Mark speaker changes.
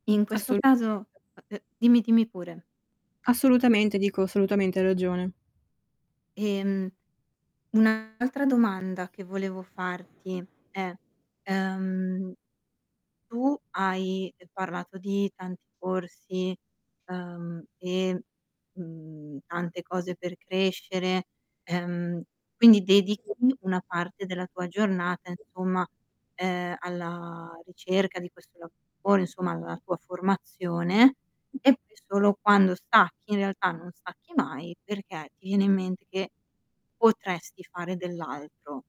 Speaker 1: In questo
Speaker 2: Assolutamente
Speaker 1: caso eh, ehm, dimmi dimmi pure.
Speaker 2: Assolutamente, dico, assolutamente hai ragione.
Speaker 1: Ehm, un'altra domanda che volevo farti è: ehm, tu hai, ehm, parlato di tanti corsi, ehm, e, mhmm, tante cose per crescere, ehm, quindi dedichi
Speaker 2: Sì.
Speaker 1: una parte della tua giornata,
Speaker 2: Sì.
Speaker 1: insomma, ehm, alla ricerca di questo lavoro, insomma, alla tua formazione, e poi solo quando stacchi, in realtà non stacchi mai, perché ti viene in mente che potresti fare dell'altro.